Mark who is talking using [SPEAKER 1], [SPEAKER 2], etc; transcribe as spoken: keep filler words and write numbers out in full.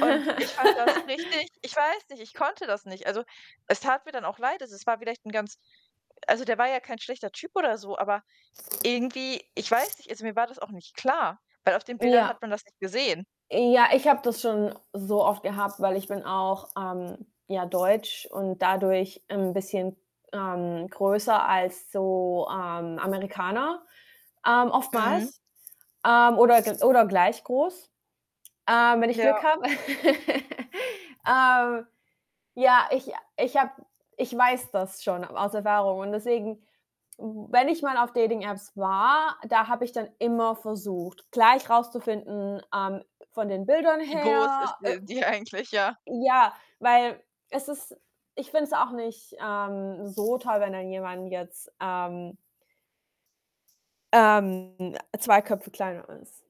[SPEAKER 1] Und ich fand das richtig ich weiß nicht, ich konnte das nicht. Also, es tat mir dann auch leid. Also, es war vielleicht ganz also, der war ja kein schlechter Typ oder so, aber irgendwie, ich weiß nicht, also, mir war das auch nicht klar, weil auf den Bildern
[SPEAKER 2] Ja.
[SPEAKER 1] hat man das nicht gesehen.
[SPEAKER 2] Ja, ich habe das schon so oft gehabt, weil ich bin auch, ähm, ja, deutsch und dadurch 'n bisschen, ähm, größer als so, ähm, Amerikaner, ähm,
[SPEAKER 1] Mhm.
[SPEAKER 2] oftmals, ähm, oder gl oder gleich groß, ähm, wenn ich Glück
[SPEAKER 1] Ja.
[SPEAKER 2] habe. Äh, ja, ich ich habe ich weiß das schon aus Erfahrung. Und deswegen, w wenn ich mal auf Dating Apps war, da habe ich dann immer versucht, gleich rauszufinden, ähm, von den Bildern
[SPEAKER 1] Wie groß ist
[SPEAKER 2] her, äh
[SPEAKER 1] d die eigentlich, ja.
[SPEAKER 2] ja, weil es ist ich finde es auch nicht, ähm, so toll, wenn dann jemand jetzt, ähm ähm, zwei Köpfe kleiner ist.